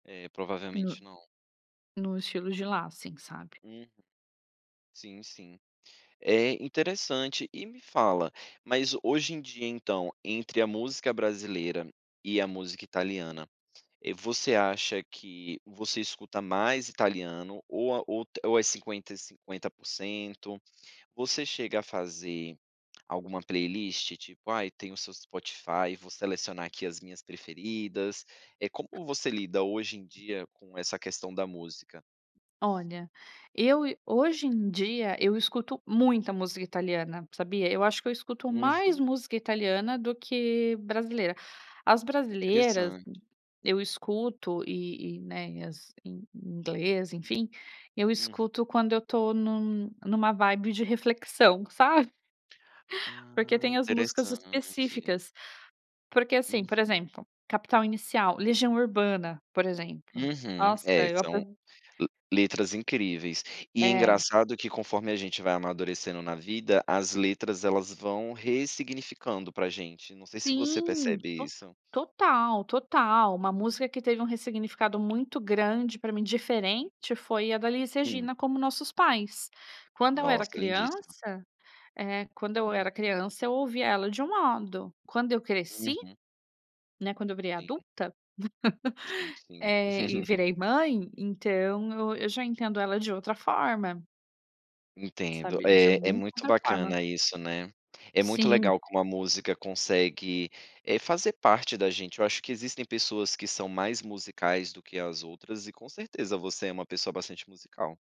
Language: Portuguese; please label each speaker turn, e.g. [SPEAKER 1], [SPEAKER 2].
[SPEAKER 1] É,
[SPEAKER 2] No
[SPEAKER 1] provavelmente não.
[SPEAKER 2] no estilo de lá, assim, sabe.
[SPEAKER 1] Uhum, sim sim, é interessante e me fala, mas hoje em dia então, entre a música brasileira e a música italiana, eh, você acha que você escuta mais italiano, ou a ou ou é 50, 50%, você chega a fazer alguma playlist, tipo, ai tem o seu Spotify: "Vou selecionar aqui as minhas preferidas", eh, como você lida hoje em dia com essa questão da música.
[SPEAKER 2] Olha, eu hoje em dia, eu escuto muita música italiana, sabia, eu acho que eu escuto mais
[SPEAKER 1] Uhum.
[SPEAKER 2] música italiana do que brasileira. As brasileiras,
[SPEAKER 1] Interessante.
[SPEAKER 2] eu escuto e e, né, e as em em inglês enfim, eu
[SPEAKER 1] Uhum.
[SPEAKER 2] escuto quando eu estou num numa vibe de reflexão, sabe. Porque
[SPEAKER 1] Ah,
[SPEAKER 2] tem as músicas
[SPEAKER 1] interessante.
[SPEAKER 2] específicas, porque assim, por
[SPEAKER 1] Uhum.
[SPEAKER 2] exemplo, Capital Inicial, Legião Urbana, por exemplo,
[SPEAKER 1] Uhum,
[SPEAKER 2] nossa,
[SPEAKER 1] é
[SPEAKER 2] eu
[SPEAKER 1] são
[SPEAKER 2] aprov
[SPEAKER 1] le letras incríveis, e
[SPEAKER 2] É.
[SPEAKER 1] engraçado que conforme a gente vai amadurecendo na vida, as letras elas vão ressignificando pra gente, não sei se você
[SPEAKER 2] Sim,
[SPEAKER 1] percebe
[SPEAKER 2] to
[SPEAKER 1] isso.
[SPEAKER 2] total, total, uma música que teve um ressignificado muito grande para mim diferente foi a da Elis
[SPEAKER 1] Hum.
[SPEAKER 2] Regina, Como Nossos Pais, quando eu era
[SPEAKER 1] Nossa, lindíssima.
[SPEAKER 2] criança, eh, quando eu
[SPEAKER 1] Hum.
[SPEAKER 2] era criança eu ouvia ela de um modo, quando eu cresci,
[SPEAKER 1] Uhum.
[SPEAKER 2] né, quando eu virei
[SPEAKER 1] Sim.
[SPEAKER 2] adulta,
[SPEAKER 1] Sim, sim.
[SPEAKER 2] é, e virei mãe, então eu eu já entendo ela de outra forma.
[SPEAKER 1] Entendo,
[SPEAKER 2] Sabe, de
[SPEAKER 1] é é
[SPEAKER 2] muito
[SPEAKER 1] muito
[SPEAKER 2] outra forma.
[SPEAKER 1] bacana isso, né, é muito
[SPEAKER 2] Sim.
[SPEAKER 1] legal como a música consegue, eh, fazer parte da gente, eu acho que existem pessoas que são mais musicais do que as outras e com certeza você é uma pessoa bastante musical.